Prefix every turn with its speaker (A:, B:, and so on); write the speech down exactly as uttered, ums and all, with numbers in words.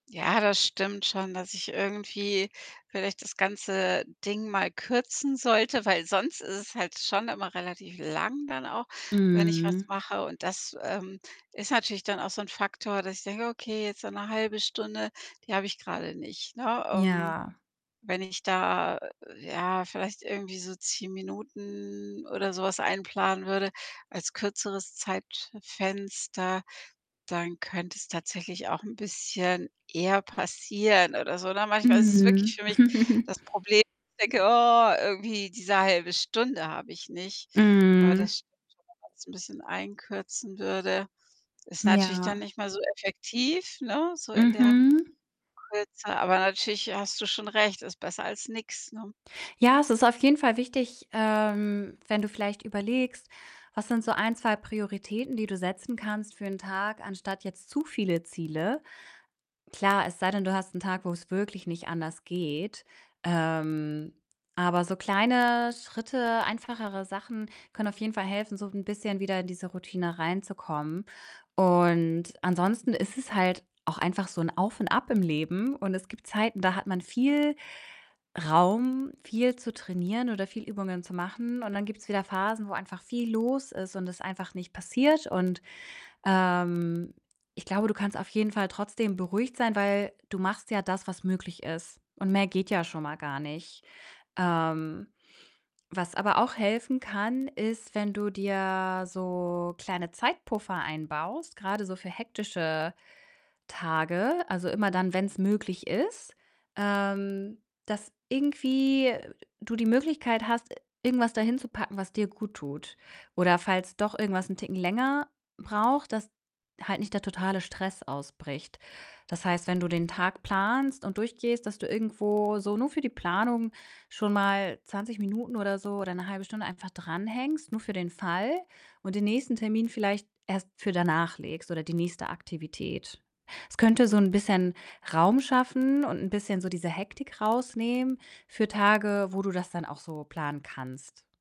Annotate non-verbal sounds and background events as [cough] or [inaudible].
A: Ja, das stimmt schon, dass ich irgendwie vielleicht das ganze Ding mal kürzen sollte, weil sonst ist es halt schon immer relativ lang dann auch, wenn ich was
B: Mhm.
A: mache und das, ähm, ist natürlich dann auch so 'n Faktor, dass ich denke: „Okay, jetzt so 'ne halbe Stunde, die habe ich grade nicht“, ne, ähm,
B: Ja.
A: wenn ich da, ja, vielleicht irgendwie so zehn Minuten oder so was einplanen würde als kürzeres Zeitfenster, dann könnte es tatsächlich auch 'n bisschen eher passieren oder so, ne, manchmal ist es
B: Mhm.
A: wirklich für mich
B: [chuckles]
A: das Problem, dass ich denke: „Oh, irgendwie diese halbe Stunde habe ich nicht.“ Aber
B: Mhm.
A: das stimmt schon, wenn man's 'n bisschen einkürzen würde. Ist
B: Hm,
A: natürlich dann
B: ja.
A: nicht mehr so effektiv, ne, so in der
B: Mhm.
A: Kürze, aber natürlich hast du schon recht, ist besser als nix, ne?
B: Ja, es ist auf jeden Fall wichtig, ähm, wenn du vielleicht überlegst, was sind so ein, zwei Prioritäten, die du setzen kannst für 'n Tag, anstatt jetzt zu viele Ziele. Klar, es sei denn, du hast 'n Tag, wo's wirklich nicht anders geht. Ähm, aber so kleine Schritte, einfachere Sachen können auf jeden Fall helfen, so 'n bisschen wieder in diese Routine reinzukommen und ansonsten ist es halt auch einfach so 'n Auf und Ab im Leben und es gibt Zeiten, da hat man viel Raum, viel zu trainieren oder viel Übungen zu machen, und dann gibt's wieder Phasen, wo einfach viel los ist und es einfach nicht passiert und, ähm, ich glaube, du kannst auf jeden Fall trotzdem beruhigt sein, weil du machst ja das, was möglich ist, und mehr geht ja schon mal gar nicht. Ähm, was aber auch helfen kann, ist, wenn du dir so kleine Zeitpuffer einbaust, grade so für hektische Tage, also immer dann, wenn's möglich ist, ähm, dass irgendwie du die Möglichkeit hast, irgendwas da hinzupacken, was dir guttut. Oder falls doch irgendwas 'n Ticken länger braucht, dass halt nicht der totale Stress ausbricht. Das heißt, wenn du den Tag planst und durchgehst, dass du irgendwo so nur für die Planung schon mal zwanzig Minuten oder so oder 'ne halbe Stunde einfach dran hängst, nur für den Fall, und den nächsten Termin vielleicht erst für danach legst oder die nächste Aktivität. Es könnte so 'n bisschen Raum schaffen und 'n bisschen so diese Hektik rausnehmen für Tage, wo du das dann auch so planen kannst.